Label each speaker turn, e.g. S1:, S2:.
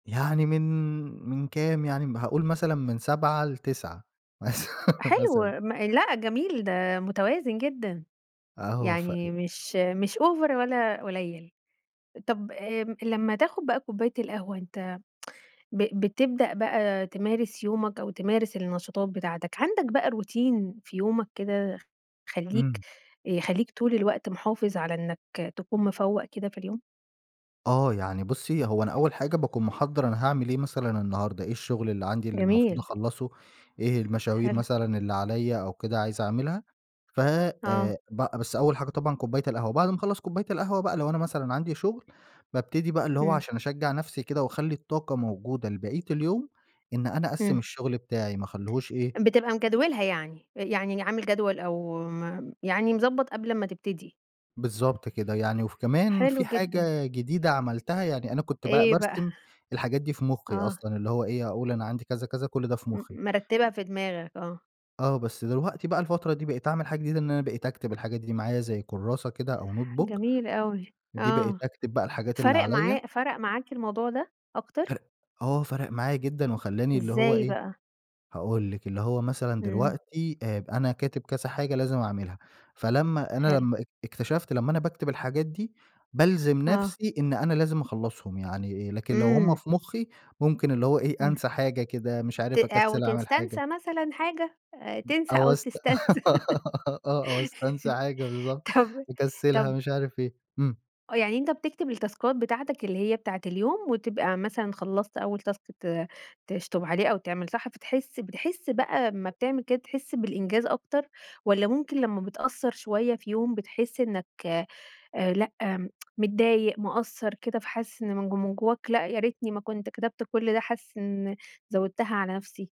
S1: يعني من من كام، يعني هاقول مثلًا من 07:00 ل09:00 مث
S2: حلو،
S1: مثلًا.
S2: م لأ، جميل، ده متوازن جدًا.
S1: آه، ف إ
S2: يعني مش مش أوڤر ولا قليل. طَب، آمم، لمّا تاخد بَقى كوباية القهوة، أنت ب بتبدأ بَقى تمارس يومك أو تمارس النشاطات بتاعتك، عندك بَقى روتين في يومك كده خليك
S1: إمم.
S2: يخليك طول الوقت محافظ على إنك تكون مفوق كده في اليوم؟
S1: آه، يعني بُصي، هو أنا أول حاجة باكون مِحَضَّر أنا هاعمل إيه مثلًا النهاردة؟ إيه الشغل اللي عندي اللي المفروض
S2: جميل.
S1: أخلصه؟ إيه المشاوير
S2: حلو.
S1: مثلًا اللي عليَّ أو كده، عايز أعملها؟ ف
S2: آه.
S1: آآ، ب بس أول حاجة طبعًا كوباية القهوة، بعد ما أخلص كوباية القهوة بَقى لو أنا مثلًا عندي شغل، بابتدي بَقى اللي هو
S2: إمم.
S1: عشان أشجع نفسي كده وأخلي الطاقة موجودة لبقية اليوم، إن أنا أَقَسِّم
S2: إمم.
S1: الشغل بتاعي، ما أخليهوش إيه
S2: بتبقى مجدولها يعني؟ أ يعني عامل جدول أو م يعني مضبط قبل أمَّا تبتدي.
S1: بالضبط كده، يعني وف كمان
S2: حلو
S1: في
S2: جدًا.
S1: حاجة جديدة عملتها، يعني أنا كنت ب
S2: إيه بَقى؟
S1: بارسم الحاجات دي في مخي
S2: آه.
S1: أصلًا، اللي هو إيه، أقول أنا عندي كذا كذا كل ده في
S2: م
S1: مخي.
S2: مرتبها في دماغك آه.
S1: آه، بس دلوقتي بَقى الفترة دي بقيت أعمل حاجة جديدة، إن أنا بقيت أكتب الحاجات دي معايا زي كراسة كده أو notebook،
S2: جميل أوي.
S1: دي بقيت
S2: آه،
S1: أكتب بَقى الحاجات اللي
S2: فَرَق
S1: عليَّ.
S2: معا فَرَق معاك الموضوع ده أكتر؟
S1: فَرَق آه، فَرَق معايا جدًا وخلاني اللي هو
S2: إزاي
S1: إيه،
S2: بَقى؟
S1: هاقول لِك، اللي هو مثلًا
S2: إمم.
S1: دلوقتي آآ، أنا كاتب كذا حاجة لازم أعملها، فلمّا أنا
S2: حلو.
S1: لمّا اك إكتشفت لمّا أنا باكتب الحاجات دي بالزم
S2: آه.
S1: نفسي إن أنا لازم أخلصهم، يعني لكن لو هُم
S2: إمم.
S1: في مخي ممكن اللي هو إيه،
S2: إمم.
S1: أنسى حاجة كده، مش
S2: ت
S1: عارف
S2: أو
S1: أكَسِّل أعمل حاجة.
S2: تستنسى مثلًا حاجة آآ، تنسى
S1: أو
S2: أو
S1: أست
S2: تستنسى.
S1: آه، أو أستنسى حاجة بالضبط.
S2: طَب
S1: مكسلها
S2: طَب
S1: مش عارف إيه، إمم.
S2: آه، يعني أنت بتكتب التاسكات بتاعتك اللي هي بتاعة اليوم وتبقى مثلًا خلصت أول تاسك ت تشطب عليه أو تعمل صح، فتحس بتحس بَقى أما بتعمل كده، تحس بالإنجاز أكتر والّا ممكن لمّا بتقصر شوية في يوم بتحس إنك آآ، لأ، متضايق، مقصر كده، فحاسس إن من ج من جواك لأ، يا ريتني ما كنت كتبت كل ده، حاسس إن زودتها على نفسي؟